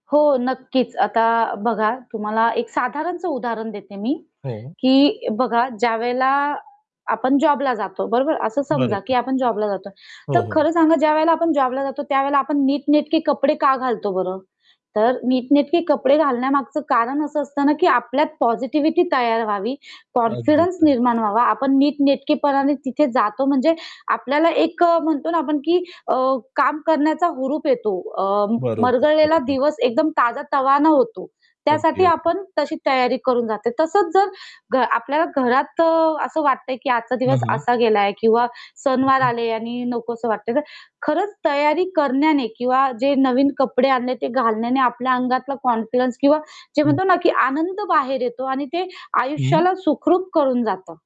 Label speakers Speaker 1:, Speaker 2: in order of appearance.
Speaker 1: हो, नक्कीच. आता बघा तुम्हाला एक साधारणच उदाहरण देते मी,
Speaker 2: हो.
Speaker 1: की बघा, ज्यावेळेला आपण जॉबला जातो बरोबर? असं समजा
Speaker 2: बरोबर.
Speaker 1: की आपण जॉबला जातो. तर
Speaker 2: हो, हो.
Speaker 1: खरं सांगा ज्यावेळेला आपण जॉबला जातो, त्यावेळेला आपण नीटनेटके कपडे का घालतो बरं? तर नीटनेटके कपडे घालण्यामागचं कारण असं असतं ना की आपल्यात पॉझिटिव्हिटी तयार व्हावी,
Speaker 2: अगदीच,
Speaker 1: कॉन्फिडन्स
Speaker 2: अगदीच.
Speaker 1: निर्माण व्हावा. आपण नीटनेटकेपणाने तिथे जातो म्हणजे आपल्याला एक अ, म्हणतो ना आपण, की अ, काम करण्याचा हुरूप येतो. अ,
Speaker 2: बरोबर,
Speaker 1: मरगळलेला
Speaker 2: बरोबर.
Speaker 1: दिवस एकदम ताजातवाना होतो,
Speaker 2: अगदी,
Speaker 1: त्यासाठी
Speaker 2: अगदी.
Speaker 1: आपण तशी तयारी करून जाते. तसच जर घ आपल्या घरात अ, असं वाटतंय की आजचा
Speaker 2: हां,
Speaker 1: दिवस
Speaker 2: हां.
Speaker 1: असा गेला किंवा सणवार
Speaker 2: हं.
Speaker 1: आले आणि नको असं वाटतंय तर खरंच तयारी करण्याने किंवा जे नवीन कपडे आणले ते घालण्याने आपल्या अंगातला कॉन्फिडन्स किंवा जे
Speaker 2: हं.
Speaker 1: म्हणतो ना की आनंद बाहेर येतो आणि ते
Speaker 2: हं.
Speaker 1: आयुष्याला सुखरूप करून जातं.